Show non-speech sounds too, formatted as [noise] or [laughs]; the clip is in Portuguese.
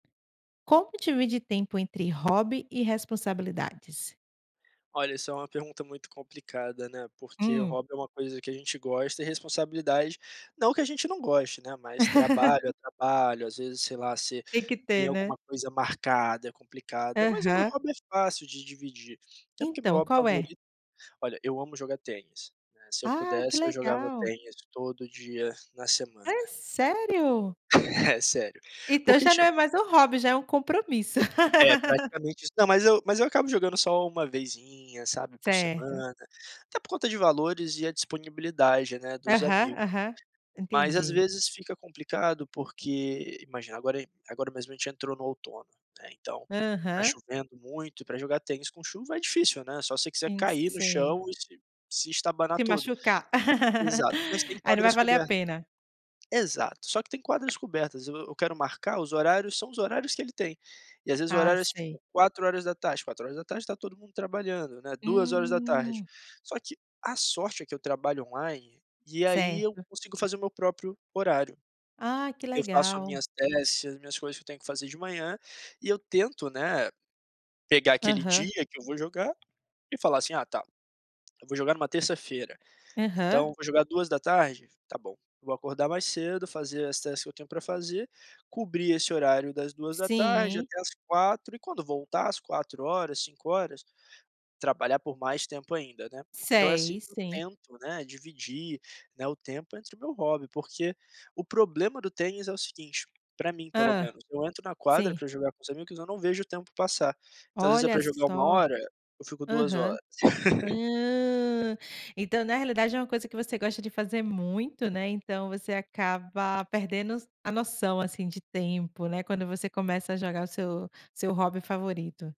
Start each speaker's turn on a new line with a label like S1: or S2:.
S1: Como divide tempo entre hobby e responsabilidades?
S2: Olha, essa é uma pergunta muito complicada, né, porque o
S1: Hum.
S2: hobby é uma coisa que a gente gosta e responsabilidade, não que a gente não goste, né, mas
S1: [laughs]
S2: trabalho é trabalho. às vezes, sei lá, você
S1: Tem que
S2: tem
S1: ter, né.
S2: alguma coisa marcada, é complicada. Mas o meu
S1: Aham.
S2: hobby é fácil de dividir, até porque meu
S1: Então,
S2: hobby
S1: qual é?
S2: favorito olha, eu amo jogar tênis, né. Se eu
S1: Ah, que
S2: pudesse, eu jogava
S1: legal.
S2: tênis todo dia na semana,
S1: É
S2: né.
S1: sério?
S2: [chuckles] É sério.
S1: Então
S2: Porque,
S1: já não é
S2: tipo
S1: mais um hobby, já é um compromisso.
S2: É, praticamente isso. Não, mas
S1: [laughs]
S2: eu mas eu acabo jogando só 1 vezinha, sabe, por
S1: Certo.
S2: semana. Até por conta de valores e a disponibilidade, né, dos
S1: Aham,
S2: amigos.
S1: aham.
S2: Mas às
S1: Entendi.
S2: vezes fica complicado porque, imagina, agora agora mesmo a gente entrou no outono, né, então, está
S1: Aham.
S2: chovendo muito. E para jogar tênis com chuva é difícil, né. Só você quiser
S1: Sim,
S2: cair no
S1: sei.
S2: chão e se se estabanar
S1: Se
S2: todo.
S1: machucar.
S2: Exato, mas tem
S1: [laughs] Aí, não vai
S2: quadras
S1: valer a
S2: cobertas
S1: pena.
S2: Exato, só que tem quadras cobertas. Eu eu quero marcar os horários são os horários que ele tem. E, às vezes, os
S1: Ah,
S2: horários,
S1: sei.
S2: tipo, 16h. 16h está todo mundo trabalhando, né, 14h.
S1: Hum.
S2: Só que, a sorte, é que eu trabalho online, e aí eu
S1: Certo.
S2: consigo fazer o meu próprio horário.
S1: Ah, que
S2: Eu faço as
S1: legal.
S2: minhas tasks, as minhas coisas que eu tenho que fazer de manhã, e eu tento, né, pegar aquele
S1: Aham.
S2: dia que eu vou jogar, e falar assim: "Ah tá" eu vou jogar em uma terça-feira. "Então
S1: Aham.
S2: vou jogar 14h? Tá bom". Vou acordar mais cedo, fazer as task que eu tenho para fazer, cobrir esse horário das 14h
S1: Sim
S2: até às 16h. E quando voltar às 16h, 17h, trabalhar por mais tempo ainda, né. Então é assim
S1: Sei,
S2: que eu
S1: sim.
S2: tento, né, dividir, né, o tempo entre o meu hobby. Porque o problema do tênis é o seguinte, para mim pelo
S1: Hã,
S2: menos, eu entro na quadra
S1: sim.
S2: para jogar com o os amigos eu não vejo o tempo passar. Às vezes é
S1: Olha
S2: para jogar 1
S1: só.
S2: hora, eu fico 2
S1: Aham.
S2: horas. [laughs]
S1: Ah, então na realidade é uma coisa que você gosta de fazer muito, né, então você acaba perdendos a noção, assim, de tempo, né, quando você começa a jogar o seu seu hobby favorito.